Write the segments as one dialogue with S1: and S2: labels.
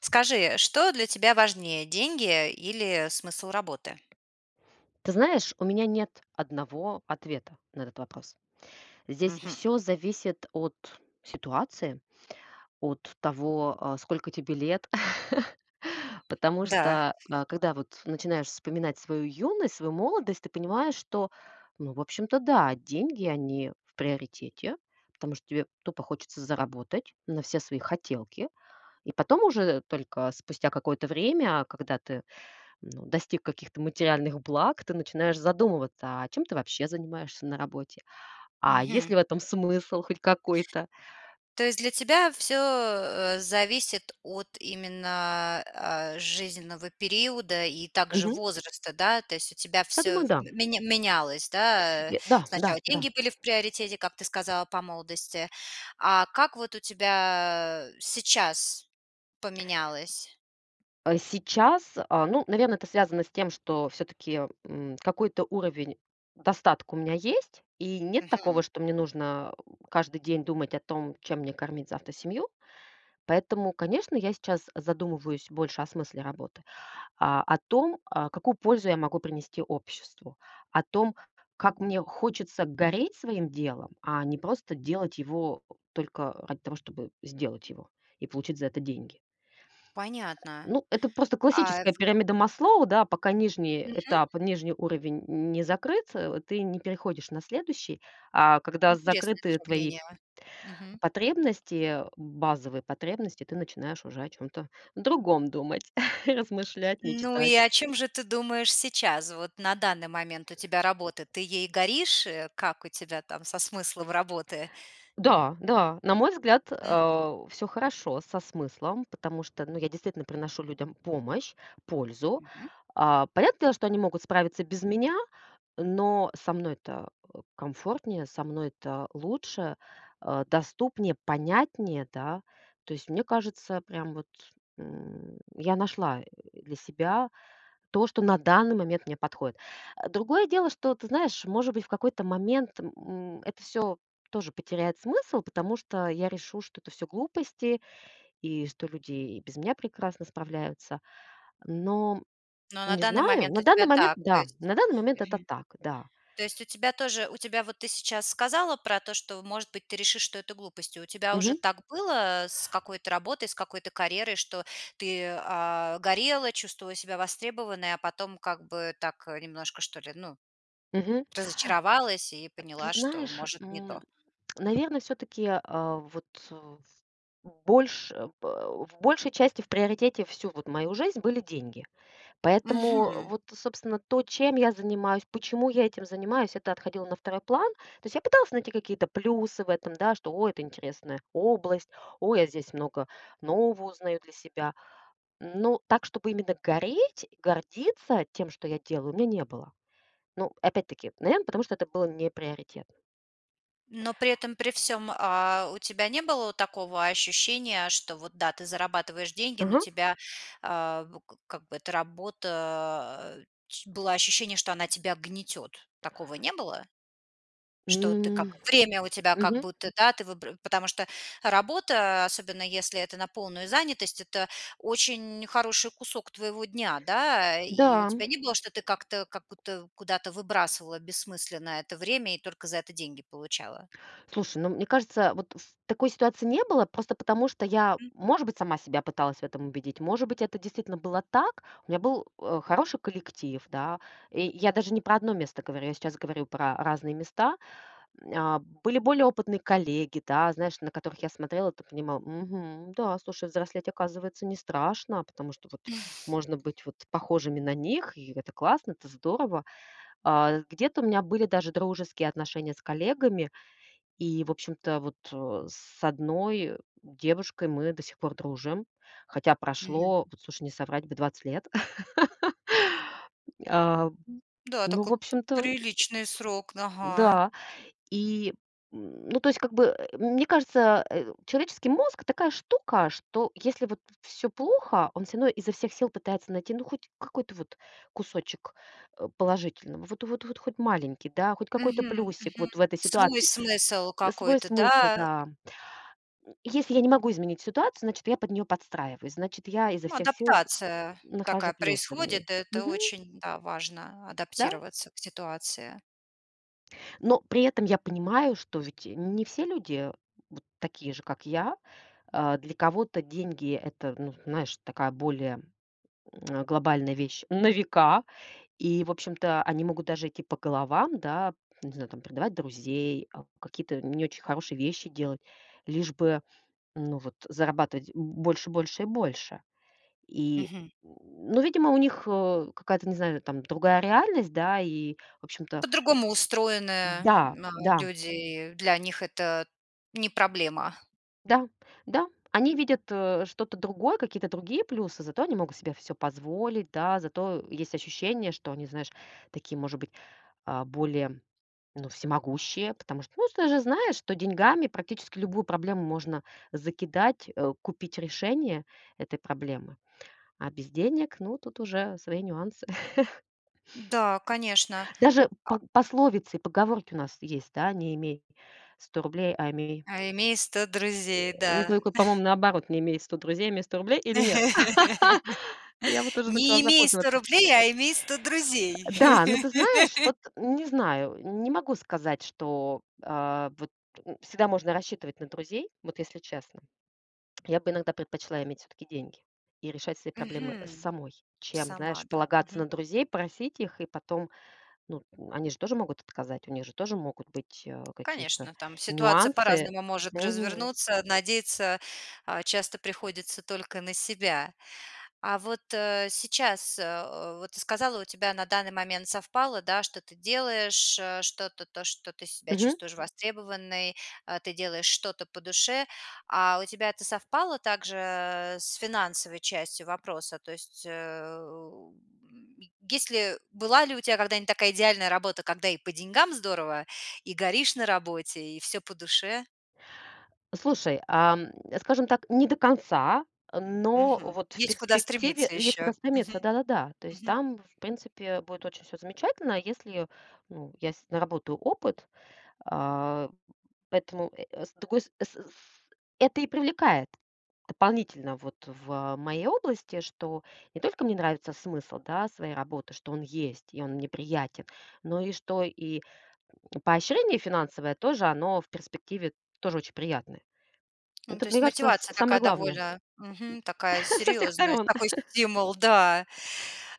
S1: Скажи, что для тебя важнее: деньги, э, или, э, смысл работы?
S2: Ты знаешь, у меня нет одного ответа на этот вопрос. Здесь
S1: Мгм.
S2: всё зависит от ситуации, от того, э, сколько тебе лет. Потому
S1: Да.
S2: что, а, когда вот начинаешь вспоминать свою юность, свою молодость, ты понимаешь, что, ну, в общем-то да, деньги, они в приоритете. Потому что тебе тупо хочется заработать на все свои хотелки. И потом уже, только спустя какое-то время, когда ты, ну, достиг каких-то материальных благ, ты начинаешь задумываться, а чем ты вообще занимаешься на работе. А есть
S1: Мгм.
S2: ли в этом смысл хоть какой-то?
S1: То есть для тебя всё, э, зависит от именно, а, жизненного периода и также
S2: Мгм.
S1: возраста, да? То есть у тебя
S2: Я
S1: всё
S2: думаю,
S1: в
S2: да.
S1: меня менялось, да, э?
S2: Э, да, да,
S1: Сначала
S2: да.
S1: деньги были в приоритете, как ты сказала, по молодости. А как вот у тебя, э, сейчас поменялось?
S2: Э, сейчас, э, ну, наверно, это связано с тем, что всё-таки, м, какой-то уровень достатка у меня есть. И нет такого,
S1: Мгм.
S2: что мне нужно каждый день думать о том, чем мне кормить завтра семью. Поэтому, конечно, я сейчас задумываюсь больше о смысле работы. А, о том, э, какую пользу я могу принести обществу. О том, как мне хочется гореть своим делом, а не просто делать его только ради того, чтобы сделать его и получить за это деньги.
S1: Понятно.
S2: Ну, это просто
S1: А в
S2: классическая пирамида Маслоу, да. Пока нижний
S1: Мгм.
S2: этап, нижний уровень н не закрыться, э, ты не переходишь на следующий. А когда
S1: Интересное
S2: закрыты твои...
S1: сравнение, а, мгм.
S2: потребности, э, базовые потребности, ты начинаешь уже о чём-то другом думать, размышлять,
S1: Ну, и
S2: мечтать.
S1: о чём же ты думаешь сейчас? Вот на данный момент у тебя работа: ты ей горишь? Э, как у тебя там со смыслом работы?
S2: Да, да. На мой взгляд,
S1: М.
S2: э, всё хорошо со смыслом. Потому что, ну, я действительно приношу людям помощь, пользу.
S1: Мгм.
S2: Э, понятное дело, что они могут справиться без меня, но со мной-то, э, комфортнее, со мной-то лучше, э, доступнее, понятнее, да. То есть мне кажется, прям вот, м, я нашла, э, для себя то, что на данный момент мне подходит. А другое дело, что ты знаешь, может быть, в какой-то момент, м, м, это всё тоже потеряет смысл, потому что я решу, что это всё глупости, и что люди и без меня прекрасно справляются. Но
S1: Но на
S2: не
S1: данный
S2: знаю.
S1: момент
S2: На
S1: у
S2: данный
S1: тебя
S2: момент-
S1: так. То
S2: да.
S1: есть
S2: На данный момент это
S1: Мгм.
S2: так, да.
S1: То есть у тебя тоже у тебя вот ты сейчас сказала про то, что, может быть, ты решишь, что это глупость. И у тебя уже
S2: Мгм.
S1: так было, э, с какой-то работой, с какой-то карьерой, что ты, а, горела, чувствовала себя востребованной, а потом как бы так, э, немножко, что ли, ну,
S2: Мгм.
S1: разочаровалась и
S2: Э, ты
S1: поняла, что,
S2: знаешь,
S1: может, не
S2: м,
S1: то?
S2: наверно, всё-таки, э, вот в в больше э, в большей части в приоритете всю вот мою жизнь были деньги. Поэтому
S1: Мгм.
S2: вот, э собственно, то, чем я занимаюсь, почему я этим занимаюсь- это отходило на второй план. То есть я пыталась найти какие-то плюсы в этом, да, что "ой, это интересная область, ой, я здесь много нового узнаю для себя". Но так, чтобы именно гореть, гордиться тем, что я делаю, у меня не было. Ну, опять-таки, наверно, потому что это было неприоритетно.
S1: Но при этом при всём, э, у тебя не было такого ощущения, что вот да, ты зарабатываешь деньги, но
S2: Ага.
S1: тебя, э, в как бы эта работа, э, ч было ощущение, что она тебя гнетёт? Такого не было? Что ты
S2: М.
S1: как время у тебя как
S2: Мгм.
S1: будто, да, ты выб потому что работа, особенно если это на полную занятость, это очень хороший кусок твоего дня, да. И у
S2: Да, м.
S1: тебя не было, что ты как-то как будто куда-то выбрасывала бессмысленно это время и только за это деньги получала?
S2: Слушай, ну, мне кажется, вот в такой ситуации не было, просто потому что я,
S1: М.
S2: может быть, сама себя пыталась в этом убедить, может быть, это действительно было так. У меня был, э, хороший коллектив, да. И я даже не про 1 место говорю. Я сейчас говорю про разные места. М, э, были более опытные коллеги, да. Знаешь, на которых я смотрела, т понимала: "Мгм, да, слушай, взрослеть, оказывается, не страшно, потому что вот можно быть вот похожими на них, и это классно, это здорово". Э, где-то у меня были даже дружеские отношения с коллегами. И, в общем-то, вот, э, с одной девушкой мы до сих пор дружим. Хотя
S1: Мгм.
S2: прошло, вот слушай, не соврать бы, 20 лет. М, э,
S1: М, да,
S2: ну,
S1: такой
S2: в
S1: п
S2: общем-то,
S1: приличный срок, н ага.
S2: да. И, м, ну, то есть как бы, э, мне кажется, э, человеческий мозг- такая штука, что, если вот всё плохо, он всё равно изо всех сил пытается найти ну хоть какой-то вот кусочек, э, положительного. Вот, вот, вот хоть маленький, да? Хоть какой-то
S1: Мгм,
S2: плюсик
S1: мгм.
S2: вот в этой
S1: Свой
S2: ситуации.
S1: смысл
S2: Свой
S1: какой-то,
S2: смысл,
S1: да?
S2: да. М, если я не могу изменить ситуацию, значит, я под неё подстраиваюсь. Значит, я изо
S1: Ну,
S2: всех сил
S1: адаптация такая
S2: нахожу плюсы в ней.
S1: происходит. Это
S2: Мгм.
S1: очень, да, важно
S2: Да.
S1: адаптироваться к ситуации.
S2: Но при этом я понимаю, что ведь, э, не все люди вот такие же, как я. Э, для кого-то деньги- это, ну, знаешь, такая более, м, глобальная вещь на века. И, в общем-то, они могут даже идти по головам, да. Не знаю, там: предавать друзей, э, какие-то не очень хорошие вещи делать. Лишь бы, ну, вот зарабатывать больше, больше и больше. И,
S1: Мгм.
S2: н ну, видимо, у них, э, какая-то, не знаю, там другая реальность, да? И в общем-то
S1: По-другому устроены
S2: Да,
S1: ма
S2: да.
S1: люди. И для них это не проблема.
S2: Да, да. Они видят, э, что-то другое, какие-то другие плюсы, зато они могут себе всё позволить, да. Зато есть ощущение, что они, знаешь, такие, может быть, э, более, ну, всемогущие. Потому что, ну, с ты же знаешь, что деньгами практически любую проблему можно закидать, э, купить решение этой проблемы. А без денег- ну, тут уже свои нюансы.
S1: Да, конечно.
S2: Даже пог
S1: А
S2: пословицы и поговорки у нас есть, да: не имей сто рублей, а имей
S1: А имей сто друзей,
S2: Э, ну,
S1: да.
S2: только, по-моему, наоборот: не имей сто друзей, а имей сто рублей, или нет? Я вот уже
S1: Не
S2: начала
S1: имей сто
S2: запутываться.
S1: рублей, а имей сто друзей.
S2: Э, да, ну ты знаешь, вот не знаю. Не могу сказать, что, э, вот, ну, всегда можно рассчитывать на друзей. Вот если честно. Я бы иногда предпочла иметь всё-таки деньги и решать свои проблемы
S1: Мгм.
S2: самой, чем,
S1: Сама,
S2: знаешь,
S1: да?
S2: полагаться на
S1: Мгм.
S2: друзей, просить их. И потом, ну, они же тоже могут отказать. У них же тоже могут быть, э, какие-то
S1: Конечно, там ситуация
S2: нюансы.
S1: по-разному может
S2: Мгм.
S1: развернуться. Надеяться, а, часто приходится только на себя. А вот, э, сейчас, э, вот ты сказала, у тебя на данный момент совпало, да, что ты делаешь, э, что-то, то, что ты себя
S2: Мгм.
S1: чувствуешь востребованной. Э, ты делаешь что-то по душе. А у тебя это совпало также с финансовой частью вопроса? То есть, э, у, м, есть ли была ли у тя когда-нибудь такая идеальная работа, когда и по деньгам здорово, и горишь на работе, и всё по душе?
S2: Слушай, ам, скажем так, не до конца, но
S1: Мгм.
S2: вот в
S1: Есть куда
S2: перспективе
S1: стремиться
S2: есть куда
S1: ещё. Мгм.
S2: стремиться, да-да-да. То есть
S1: Мгм.
S2: там, в принципе, будет очень всё замечательно, если, ну, я с наработаю опыт. А, поэтому э, э, с другой с э, с это и привлекает дополнительно вот в, э, моей области, что не только мне нравится смысл, да, своей работы, что он есть и он мне приятен. Но и что и, м, поощрение финансовое тоже, оно в перспективе тоже очень приятное.
S1: Ну,
S2: Это,
S1: то
S2: мне
S1: есть
S2: кажется, с
S1: мотивация
S2: самое
S1: такая
S2: главное, м.
S1: довольно, мгм, такая
S2: Со всех
S1: серьёзная,
S2: сторон.
S1: такой стимул, да.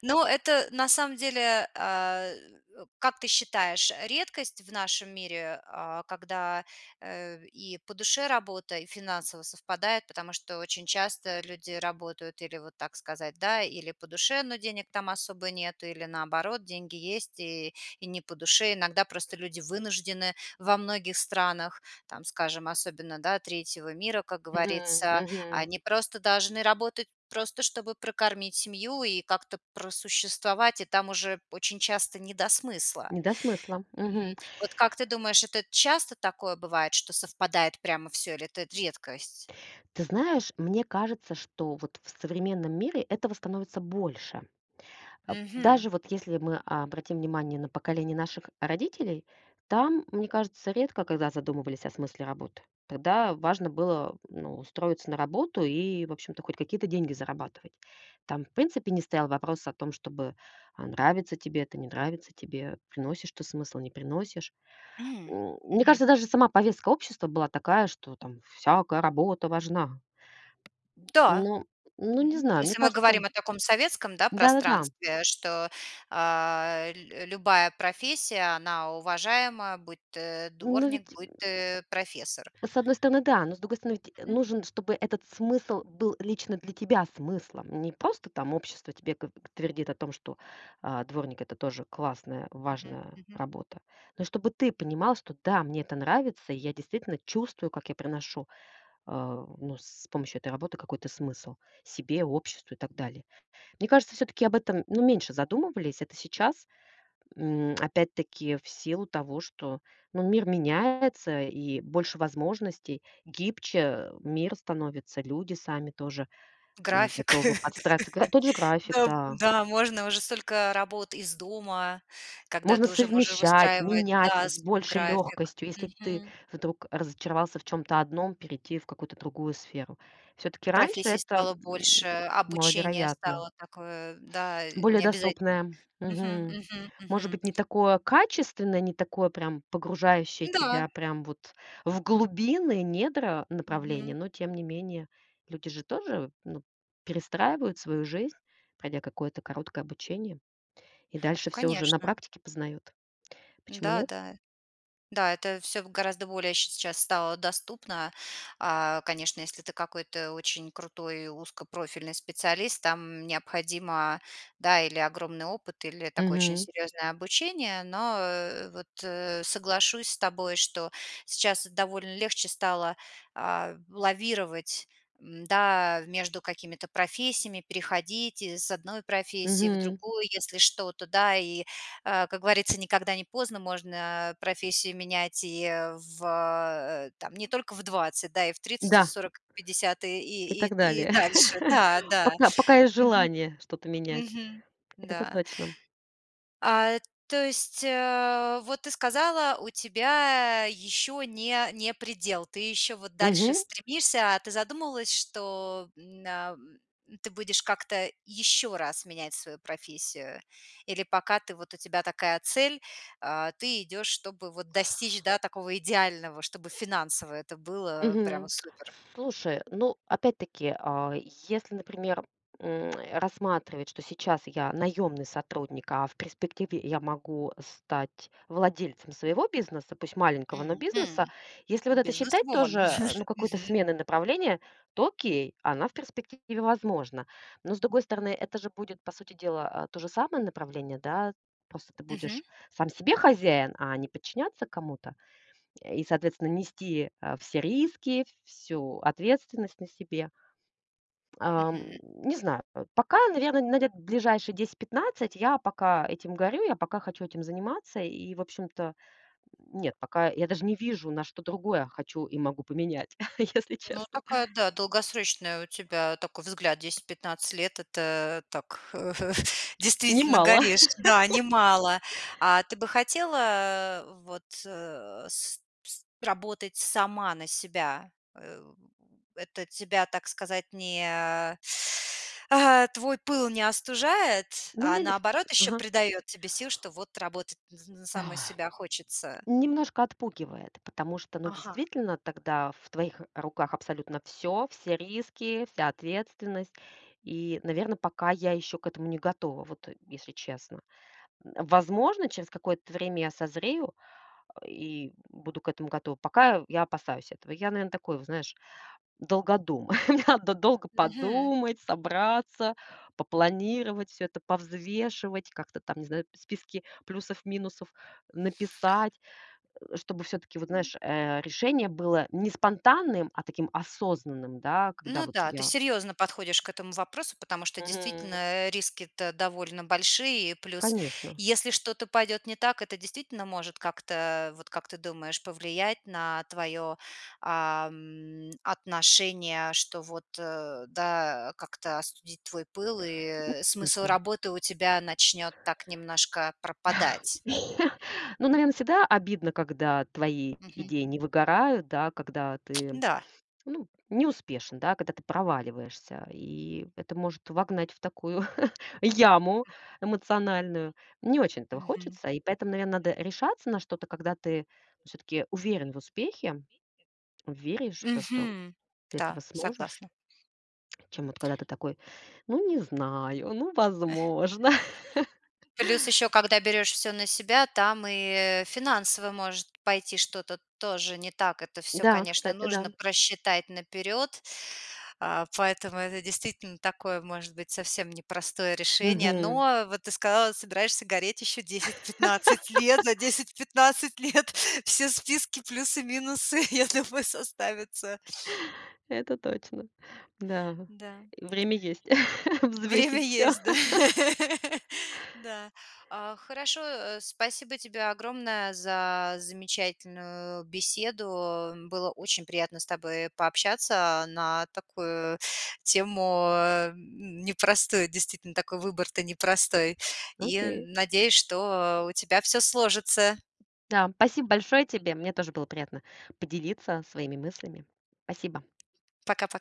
S1: Ну это на самом деле, а, э, как ты считаешь, э, редкость в нашем мире, а, когда, э, в и по душе работа, и финансово совпадает? Потому что очень часто люди работают или, вот так сказать, да, или по душе, но денег там особо нету, или, наоборот, деньги есть- и и не по душе. Иногда просто люди вынуждены во многих странах, там, скажем, особенно, да, третьего мира, как
S2: Мгм,
S1: говорится.
S2: мгм.
S1: Они просто должны работать, просто чтобы прокормить семью и как-то просуществовать, и там уже очень часто не до смысла.
S2: Не до смысла,
S1: Мгм.
S2: мгм.
S1: Вот как ты думаешь, это часто такое бывает, что совпадает прямо всё, или это редкость?
S2: Ты знаешь, мне кажется, что вот в современном мире этого становится больше. Э,
S1: Мгм.
S2: даже вот если мы обратим внимание на поколение наших родителей, там, мне кажется, редко когда задумывались о смысле работы. Тогда важно было, ну, устроиться на работу и, в общем-то, хоть какие-то деньги зарабатывать. Там в принципе не стоял вопрос о том, чтобы, э, нравится тебе это, не нравится тебе, приносишь ты смысл, не приносишь.
S1: М,
S2: М, мне
S1: мгм.
S2: кажется, даже сама повестка общества была такая, что там всякая работа важна.
S1: Да.
S2: Ну, ну, не
S1: Мгм.
S2: знаю. Мне
S1: Если мы
S2: кажется
S1: говорим о таком советском, да,
S2: Да-да-да.
S1: пространстве, что, а, лю любая профессия, она уважаема, будь ты
S2: Ну
S1: дворник,
S2: ведь
S1: будь
S2: м
S1: ты профессор.
S2: С одной стороны- да, но с другой стороны, ведь
S1: Мгм.
S2: нужен, чтобы этот смысл был лично для тебя смыслом. Не просто там общество тебе го твердит о том, что, э, дворник- это тоже классная,
S1: Мгм,
S2: важная
S1: мгм.
S2: работа. Но и чтобы ты понимал, что "да, мне это нравится, и я действительно чувствую, как я проношу, э, ну, с помощью этой работы какой-то смысл себе, обществу и так далее". Мне кажется, всё-таки об этом, ну, меньше задумывались. Это сейчас, м, опять-таки, в силу того, что, ну, мир меняется и больше возможностей, гибче мир становится, люди сами тоже, м,
S1: График.
S2: готовы подстраиваться. Гра тот же график,
S1: Да в
S2: да.
S1: да, можно, уже столько работ из дома, когда
S2: Можно
S1: ты уже можешь
S2: совмещать,
S1: выстраивать,
S2: менять
S1: да,
S2: с
S1: свой
S2: большей
S1: график.
S2: лёгкостью. Если ты
S1: Мгм.
S2: вдруг разочаровался в чём-то одном, перейти в какую-то другую сферу. Всё-таки раньше
S1: Профессий
S2: это,
S1: стало больше,
S2: м,
S1: обучение
S2: маловероятно.
S1: стало такое, да, э,
S2: Более
S1: не обязательно.
S2: доступное.
S1: Мгм,
S2: Мгм.
S1: мгм,
S2: Может
S1: мгм.
S2: быть, не такое качественное, не такое прям погружающее
S1: Да.
S2: тебя прям вот в глубины недра направления,
S1: Мгм.
S2: но тем не менее. Люди же тоже, ну, перестраивают свою жизнь, пройдя какое-то короткое обучение. И дальше всё уже на
S1: Конечно.
S2: практике познают. Почему
S1: Да,
S2: нет?
S1: да. Да, это всё в гораздо более ща сейчас стало доступно. А, конечно, если ты какой-то очень крутой узкопрофильный специалист, там необходимо, да, или огромный опыт, или такое очень
S2: Мгм.
S1: серьёзное обучение. Но, э, вот, э, соглашусь с тобой, что сейчас довольно легче стало, а, в лавировать, м, да, между какими-то профессиями, переходить из одной профессии в
S2: Мгм.
S1: другую, если что-то, да. И, э, как говорится, никогда не поздно, можно профессии менять и, э, в, э, там не только в 20, да, и в 30, и в
S2: Да.
S1: 40, и в 50, и
S2: И
S1: и
S2: так
S1: и и
S2: далее.
S1: дальше. Да, да,
S2: Пока пока есть
S1: мгм.
S2: желание что-то менять.
S1: Мгм,
S2: Это
S1: да.
S2: точно.
S1: А то есть, э, вот ты сказала, у тебя ещё не не предел. Ты ещё вот дальше
S2: Мгм.
S1: стремишься. А ты задумывалась, что н ам, ты будешь как-то ещё раз менять свою профессию? Или пока ты вот у тебя такая цель, э, ты идёшь, чтобы вот достичь, да, такого идеального, чтобы финансово это было прямо
S2: Мгм.
S1: супер?
S2: Слушай, ну, опять-таки, э, если, например, м, э, рассматривать, что сейчас я наёмный сотрудник, а в перспективе я могу стать владельцем своего бизнеса, пусть маленького, но
S1: Мгм.
S2: бизнеса. Если вот это считать
S1: Businesswoman.
S2: тоже, ну, какой-то
S1: Мгм.
S2: сменой направления, то окей, она в перспективе возможна. Но с другой стороны, это же будет по сути дела, э, то же самое направление, да? Просто ты
S1: Мгм.
S2: будешь сам себе хозяин, а не подчиняться кому-то. Э, и соответственно нести, э, все риски, всю ответственность на себе. Ам,
S1: Мгм.
S2: не знаю. По пока, наверно, на лет ближайшие 10-15, я пока этим горю, я пока хочу этим заниматься. И в общем-то нет, пока я даже не вижу, на что другое хочу и могу поменять, если
S1: Ну,
S2: честно.
S1: такая, да, долгосрочная у тебя такой взгляд: 10-15 лет. Это, э, так
S2: Не
S1: действительно
S2: мало.
S1: горишь. Да, немало. А ты бы хотела, э, вот, э, с пс работать сама на себя? Э в это тебя, так сказать, не а а твой пыл не остужает,
S2: Ну, у
S1: а,
S2: меня дейс
S1: наоборот, ещё
S2: Ага.
S1: придаёт тебе сил, что вот работать н на
S2: Ой.
S1: саму себя хочется?
S2: Немножко отпугивает, потому что, ну,
S1: Ага.
S2: действительно, тогда в твоих руках абсолютно всё. Все риски, вся ответственность. И, наверно, пока я ещё к этому не готова, вот, э, если честно. М, возможно, через какое-то время я созрею и буду к этому готова. Пока я опасаюсь этого. Я, наверно, такой, вот знаешь, долгодум. Мне надо долго
S1: Мгм.
S2: подумать, собраться, попланировать всё это, повзвешивать, как-то там, не знаю, списки плюсов-минусов написать. Э, чтобы всё-таки вот знаешь, э, решение было не спонтанным, а таким осознанным, да, когда
S1: Ну
S2: вот
S1: да, ты
S2: я
S1: серьёзно подходишь к этому вопросу, потому что действительно,
S2: Мгм.
S1: э, риски-то довольно большие. И плюс,
S2: Конечно.
S1: если что-то пойдёт не так, это действительно может как-то, вот как ты думаешь, повлиять на твоё, ам, отношение, что вот, э, да, как-то остудить твой пыл,
S2: Ну
S1: и смысл
S2: конечно.
S1: работы у тебя начнёт так немножко пропадать.
S2: Ну, наверно, всегда обидно, когда твои
S1: Мгм.
S2: идеи не выгорают, да? Когда ты,
S1: Да.
S2: ну, не успешен, да? Когда ты проваливаешься. И это может вогнать в такую яму эмоциональную. Не очень этого
S1: Мгм.
S2: хочется. И поэтому, наверно, надо решаться на что-то, когда ты, ну, всё-таки уверен в успехе. Веришь в то, что
S1: Мгм.
S2: ты этого
S1: Да,
S2: сможешь.
S1: согласна.
S2: Чем вот когда ты такой: "Ну, не знаю, ну, возможно".
S1: Плюс ещё, когда берёшь всё на себя, там и финансово может пойти что-то тоже не так. Это всё,
S2: Да,
S1: конечно,
S2: кстати,
S1: нужно
S2: да.
S1: просчитать наперёд. Э, поэтому это действительно такое, может быть, совсем не простое решение.
S2: Мгм.
S1: Но, вот ты сказала, собираешься гореть ещё 10-15 лет. За 10-15 лет все списки, плюсы, минусы, я думаю, составятся.
S2: Это точно. Да,
S1: Да.
S2: время есть
S1: Время
S2: взвесить всё.
S1: есть, да? Да. А, хорошо. Э, спасибо тебе огромное за замечательную беседу. Было очень приятно с тобой, э, пообщаться на такую тему, э, н непростую. Действительно, такой выбор-то непростой. И
S2: Окей.
S1: н надеюсь, что, э, у тебя всё сложится.
S2: Да. Спасибо большое тебе. Мне тоже было приятно поделиться своими мыслями. Спасибо.
S1: Пока-пока.